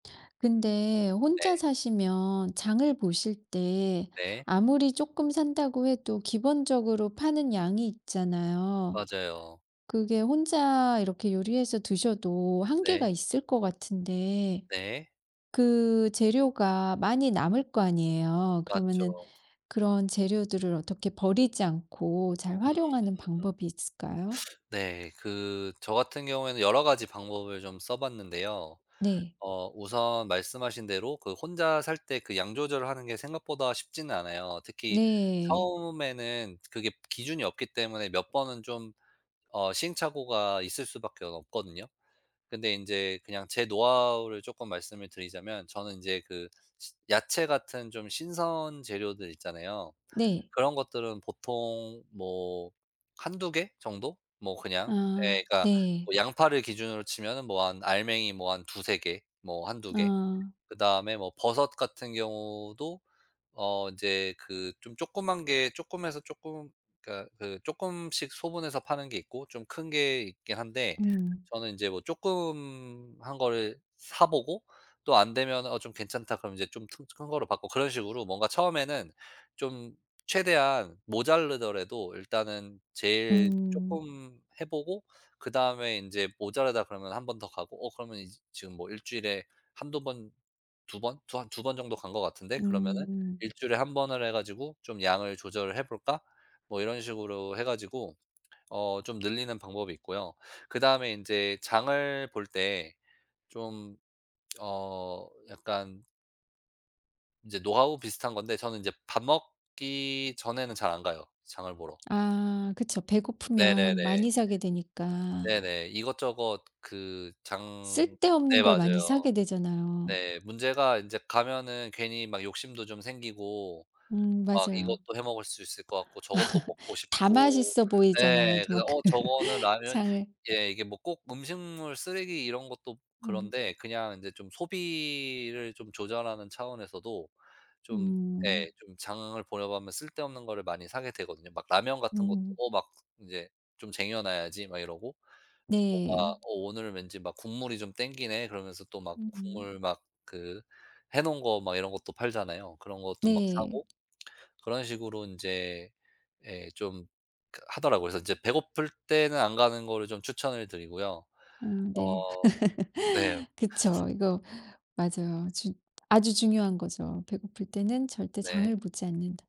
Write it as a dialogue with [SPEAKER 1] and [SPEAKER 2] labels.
[SPEAKER 1] 근데
[SPEAKER 2] 네.
[SPEAKER 1] 혼자 사시면 장을 보실 때
[SPEAKER 2] 네.
[SPEAKER 1] 아무리 쪼끔 산다고 해도 기본적으로 파는 양이 있잖아요.
[SPEAKER 2] 맞아요.
[SPEAKER 1] 그게 혼자 이렇게 요리해서 드셔도 한계가
[SPEAKER 2] 네.
[SPEAKER 1] 있을 것 같은데
[SPEAKER 2] 네.
[SPEAKER 1] 그 재료가 많이 남을 거 아니에요.
[SPEAKER 2] 맞죠.
[SPEAKER 1] 그러면은 그런 재료들을 어떻게 버리지 않고 잘
[SPEAKER 2] 음.
[SPEAKER 1] 활용하는 방법이 있을까요?
[SPEAKER 2] 네. 그 저 같은 경우에는 여러 가지 방법을 좀 써봤는데요.
[SPEAKER 1] 네.
[SPEAKER 2] 어 우선 말씀하신 대로 그 혼자 살 때 그 양 조절을 하는 게 생각보다 쉽지는 않아요. 특히
[SPEAKER 1] 네.
[SPEAKER 2] 처음에는 그게 기준이 없기 때문에 몇 번은 좀 어 시행착오가 있을 수밖에 없거든요. 근데 인제 그냥 제 노하우를 쪼끔 말씀을 드리자면 저는 인제 그 야채 같은 좀 신선 재료들 있잖아요.
[SPEAKER 1] 네.
[SPEAKER 2] 그런 것들은 보통 뭐 1-2 개 정도 뭐 그냥
[SPEAKER 1] 아
[SPEAKER 2] 예 그러니까
[SPEAKER 1] 네.
[SPEAKER 2] 뭐 양파를 기준으로 치면은 뭐 한 알맹이 뭐 한 2-3 개 뭐 1-2 개
[SPEAKER 1] 아.
[SPEAKER 2] 그다음에 뭐 버섯 같은 경우도 어 인제 그 좀 조그만 게 조그마해서 쪼끔 그러니까 그 쪼끔씩 소분해서 파는 게 있고 좀 큰 게 있긴 한데
[SPEAKER 1] 음.
[SPEAKER 2] 저는 인제 뭐 쪼끔한 거를 사 보고 또 안 되면은 "어, 좀 괜찮다." 그러면 인제 좀 튼 큰 거로 바꾸고 그런 식으로 뭔가 처음에는 좀 최대한 모자라더라도 일단은
[SPEAKER 1] 음.
[SPEAKER 2] 제일
[SPEAKER 1] 음.
[SPEAKER 2] 쪼끔 해 보고 그다음에 인제 모자라다 그러면 1 번 더 가고 어 그러면 이제 지금 뭐 1 주일에 1-2 번 2 번 두 한 2 번 정도 간 것 같은데 그러면은
[SPEAKER 1] 음.
[SPEAKER 2] '1 주일에 1 번을 해 가지고 좀 양을 조절을 해볼까?' 뭐 이런 식으로 해 가지고 어 좀 늘리는 방법이 있고요. 그다음에 인제 장을 볼 때 좀 어 약간 인제 노하우 비슷한 건데 저는 인제 밥 먹기 전에는 잘 안 가요 장을 보러.
[SPEAKER 1] 아 그쵸. 배고프면
[SPEAKER 2] 네네네.
[SPEAKER 1] 많이 사게 되니까.
[SPEAKER 2] 네네. 이것저것 그 장
[SPEAKER 1] 쓸데없는
[SPEAKER 2] 네
[SPEAKER 1] 걸 많이
[SPEAKER 2] 맞아요.
[SPEAKER 1] 사게 되잖아요.
[SPEAKER 2] 네. 문제가 인제 가면은 괜히 막 욕심도 좀 생기고
[SPEAKER 1] 음
[SPEAKER 2] 막
[SPEAKER 1] 맞아요.
[SPEAKER 2] 이것도 해 먹을 수 있을 것 같고 저것도 먹고
[SPEAKER 1] 다
[SPEAKER 2] 싶고
[SPEAKER 1] 맛있어 보이잖아요.
[SPEAKER 2] 네 그래서
[SPEAKER 1] 막 그
[SPEAKER 2] 어 저거는 라면
[SPEAKER 1] 장을
[SPEAKER 2] 예 이게 뭐 꼭 음식물 쓰레기 이런 것도
[SPEAKER 1] 음.
[SPEAKER 2] 그런데 그냥 인제 좀 소비를 좀 조절하는 차원에서도 좀 네
[SPEAKER 1] 음.
[SPEAKER 2] 좀 장을 보다 보면 쓸데없는 거를 많이 사게 되거든요. 막 라면 같은 것도
[SPEAKER 1] 음.
[SPEAKER 2] 어 막 인제 "좀 쟁여놔야지." 막 이러고. 뭐가
[SPEAKER 1] 네.
[SPEAKER 2] "어 오늘 왠지 막 국물이 좀 땡기네." 그러면서 또 막
[SPEAKER 1] 음음.
[SPEAKER 2] 국물 막 그 해 놓은 거 막 이런 것도 팔잖아요. 그런 것도 막
[SPEAKER 1] 네.
[SPEAKER 2] 사고 그런 식으로 인제 예 좀 그 하더라고요. 그래서 인제 배고플 때는 안 가는 거를 좀 추천을 드리고요.
[SPEAKER 1] 음 네.
[SPEAKER 2] 어 네.
[SPEAKER 1] 그쵸. 이거 맞아요. 주 아주 중요한 거죠. 배고플 때는 절대
[SPEAKER 2] 네.
[SPEAKER 1] 장을 보지 않는다.